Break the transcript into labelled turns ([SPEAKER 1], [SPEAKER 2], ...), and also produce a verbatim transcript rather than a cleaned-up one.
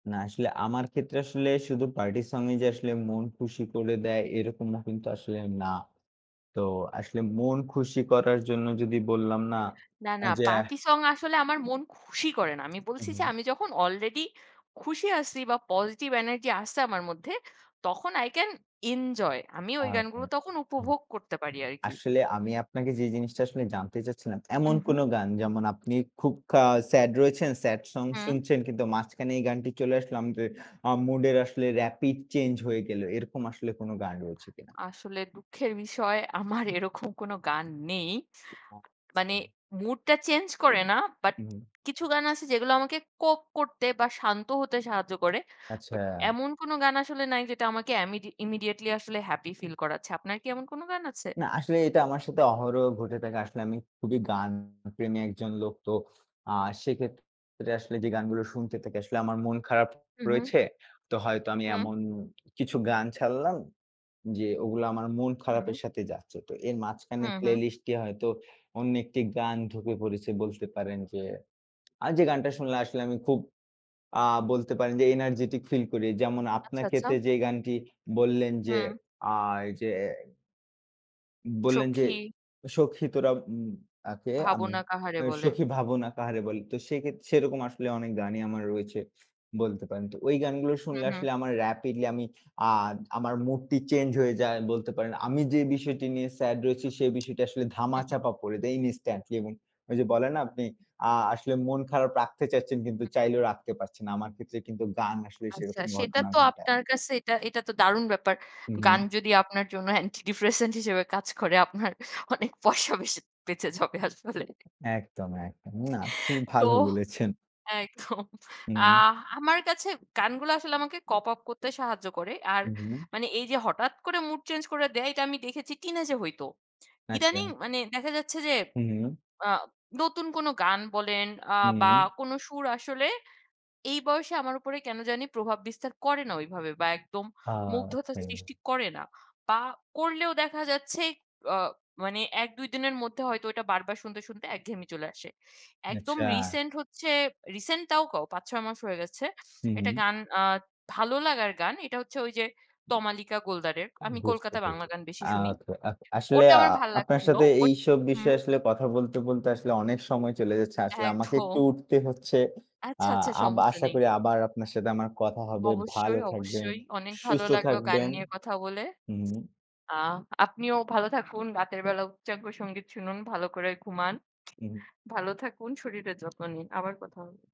[SPEAKER 1] না, আসলে আমার ক্ষেত্রে আসলে শুধু পার্টি সংই যে আসলে মন খুশি করে দেয় এরকম না কিন্তু আসলে না। তো আসলে মন খুশি করার জন্য যদি বললাম না
[SPEAKER 2] না, না
[SPEAKER 1] যে
[SPEAKER 2] পার্টি সং আসলে আমার মন খুশি করে না। আমি
[SPEAKER 1] হু,
[SPEAKER 2] বলছি যে,
[SPEAKER 1] হু।
[SPEAKER 2] আমি যখন অলরেডি খুশি আছি বা পজিটিভ এনার্জি আছে আমার মধ্যে, তখন আই ক্যান এনজয়। আমি ওই
[SPEAKER 1] আচ্ছা।
[SPEAKER 2] গানগুলো তখন
[SPEAKER 1] হুম।
[SPEAKER 2] উপভোগ করতে পারি আরকি।
[SPEAKER 1] আসলে আমি আপনাকে যে জিনিসটা আসলে জানতে চাচ্ছিলাম,
[SPEAKER 2] উ,
[SPEAKER 1] এমন কোন
[SPEAKER 2] হু।
[SPEAKER 1] গান যেমন আপনি খুব খা স্যাড রয়েছেন, স্যাড সং
[SPEAKER 2] হুম।
[SPEAKER 1] শুনছেন কিন্তু মাঝখানে এই গানটি চলে আসলো আমত আ মুডের আসলে রেপিড চেঞ্জ হয়ে গেল। এরকম আসলে কোন গান রয়েছে কিনা?
[SPEAKER 2] আসলে দুঃখের বিষয় আমার এরকম কোন গান নেই। মানে
[SPEAKER 1] আচ্ছা।
[SPEAKER 2] মুড টা চেঞ্জ করে না। বাট
[SPEAKER 1] হু, হুম।
[SPEAKER 2] কিছু গান আছে যেগুলো আমাকে কোপ করতে বা শান্ত হতে সাহায্য করে। বাট
[SPEAKER 1] আচ্ছা।
[SPEAKER 2] এমন কোন গান আসলে নাই যেটা আমাকে এমইড ইমিডিয়েটলি আসলে হ্যাপি ফিল করাচ্ছে। আপনার কি এমন কোন গান আছে?
[SPEAKER 1] না, আসলে এটা আমার সাথে অহরহ ঘটে থাকে। আসলে আমি খুবই গান প্রেমী একজন লোক। তো আ সেক্ষেত্রে আসলে যে গানগুলো শুনতে থাকি, আসলে আমার মন খারাপ
[SPEAKER 2] হু, হু।
[SPEAKER 1] রয়েছে। তো হয়তো আমি
[SPEAKER 2] হুম।
[SPEAKER 1] এমন কিছু গান ছাড়লাম যে ওগুলো আমার মন
[SPEAKER 2] হু।
[SPEAKER 1] খারাপের সাথে যাচ্ছে। তো এর
[SPEAKER 2] হু,
[SPEAKER 1] মাঝখানের
[SPEAKER 2] হু।
[SPEAKER 1] প্লেলিস্ট এ হয়তো অন্য একটি গান ঢুকে পড়েছে বলতে পারেন যে, আর যে গানটা শুনলে আসলে আমি খুব আ বলতে পারেন যে এনার্জেটিক ফিল করি। যেমন
[SPEAKER 2] আচ্ছা,
[SPEAKER 1] আপনার
[SPEAKER 2] আচ্ছা।
[SPEAKER 1] ক্ষেত্রে যে গানটি বললেন যে,
[SPEAKER 2] হুম।
[SPEAKER 1] আ এই যে বললেন যে
[SPEAKER 2] সখী।
[SPEAKER 1] সখী তোরা উম কে আমি
[SPEAKER 2] ভাবনা কাহারে বলে।
[SPEAKER 1] সখি ভাবনা কাহারে বলি। তো সেক্ষেত্রে সেরকম আসলে অনেক গানই আমার রয়েছে। বলতে পারেন। তো ওই গানগুলো
[SPEAKER 2] হু,
[SPEAKER 1] শুনলে
[SPEAKER 2] হু।
[SPEAKER 1] আসলে আমার রেপিডলি আমি আ আমার মুডটি চেঞ্জ হয়ে যায় বলতে পারেন। আমি যে বিষয়টি নিয়ে স্যাড রয়েছি, সে বিষয়টা আসলে
[SPEAKER 2] হু, হু।
[SPEAKER 1] ধামাচাপা পড়ে দেই ইনস্ট্যান্টলি এবং ওই যে বলেন না, আপনি আ আসলে মন খারাপ রাখতে চাচ্ছেন, কিন্তু চাইলেও রাখতে পারছে না। আমার ক্ষেত্রে কিন্তু গান আসলে
[SPEAKER 2] আচ্ছা,
[SPEAKER 1] সেরকম
[SPEAKER 2] সেটা
[SPEAKER 1] ঘটনা
[SPEAKER 2] তো
[SPEAKER 1] ঘটায়।
[SPEAKER 2] আপনার কাছে এটা, এটা তো দারুণ ব্যাপার।
[SPEAKER 1] হু,
[SPEAKER 2] গান
[SPEAKER 1] হু।
[SPEAKER 2] যদি আপনার জন্য অ্যান্টি ডিপ্রেশেন্ট হিসেবে কাজ করে আপনার অনেক পয়সা বেশে বেঁচে যাবে আসলে।
[SPEAKER 1] একদম, একদম। না, খুব
[SPEAKER 2] তো,
[SPEAKER 1] ভালো বলেছেন।
[SPEAKER 2] একদম। আ
[SPEAKER 1] হুম।
[SPEAKER 2] আমার কাছে গানগুলো আসলে আমাকে কপ আপ করতে সাহায্য করে। আর
[SPEAKER 1] হু, হু।
[SPEAKER 2] মানে এই যে হঠাৎ করে মুড চেঞ্জ করে দেয়, এটা আমি দেখেছি টিনেজ এ হইতো। ইদানিং
[SPEAKER 1] আচ্ছা।
[SPEAKER 2] মানে দেখা যাচ্ছে যে,
[SPEAKER 1] হু, হু।
[SPEAKER 2] আ নতুন কোনো গান বলেন, আ বা
[SPEAKER 1] হুম।
[SPEAKER 2] কোন সুর আসলে এই বয়সে আমার উপরে কেন জানি প্রভাব বিস্তার করে না ওইভাবে বা একদম
[SPEAKER 1] আ
[SPEAKER 2] মুগ্ধতার
[SPEAKER 1] [unintelligible]
[SPEAKER 2] সৃষ্টি করে না। বা করলেও দেখা যাচ্ছে, অ মানে এক দুই দিনের মধ্যে হয়তো এটা বারবার শুনতে, শুনতে একঘেয়েমি চলে আসে। একদম
[SPEAKER 1] আচ্ছা।
[SPEAKER 2] রিসেন্ট হচ্ছে রিসেন্ট তাও কও পাঁচ-ছয় মাস হয়ে গেছে।
[SPEAKER 1] হু,
[SPEAKER 2] এটা
[SPEAKER 1] হু।
[SPEAKER 2] গান আ ভালো লাগার গান। এটা হচ্ছে ওই যে তমালিকা গোলদারের। আমি
[SPEAKER 1] বুঝতে
[SPEAKER 2] কলকাতা বাংলা
[SPEAKER 1] পেরেছি।
[SPEAKER 2] গান বেশি শুনি।
[SPEAKER 1] আচ্ছা। আ আসলে
[SPEAKER 2] ওটা
[SPEAKER 1] আ
[SPEAKER 2] আমার ভাল
[SPEAKER 1] আপনার
[SPEAKER 2] লাগছিল।
[SPEAKER 1] সাথে
[SPEAKER 2] ওট
[SPEAKER 1] এইসব
[SPEAKER 2] হুম।
[SPEAKER 1] বিষয়ে আসলে কথা বলতে, বলতে আসলে অনেক সময় চলে যাচ্ছে। আসলে আমাকে একটু
[SPEAKER 2] একদম।
[SPEAKER 1] উঠতে হচ্ছে। আ
[SPEAKER 2] আচ্ছা, আচ্ছা,
[SPEAKER 1] আব
[SPEAKER 2] সমস্যা
[SPEAKER 1] আশা
[SPEAKER 2] নেই।
[SPEAKER 1] করি আবার আপনার সাথে আমার কথা হবে। ভালো
[SPEAKER 2] অবশ্যই,
[SPEAKER 1] থাকবেন,
[SPEAKER 2] অবশ্যই অনেক ভালো
[SPEAKER 1] সুস্থ
[SPEAKER 2] লাগলো গান
[SPEAKER 1] থাকবেন।
[SPEAKER 2] নিয়ে কথা বলে।
[SPEAKER 1] হুম।
[SPEAKER 2] আ আপনিও ভালো থাকুন। রাতের বেলা উচ্চাঙ্গ সঙ্গীত শুনুন। ভালো করে ঘুমান।
[SPEAKER 1] হু, হু।
[SPEAKER 2] ভালো থাকুন, শরীরের যত্ন নিন। আবার কথা হবে।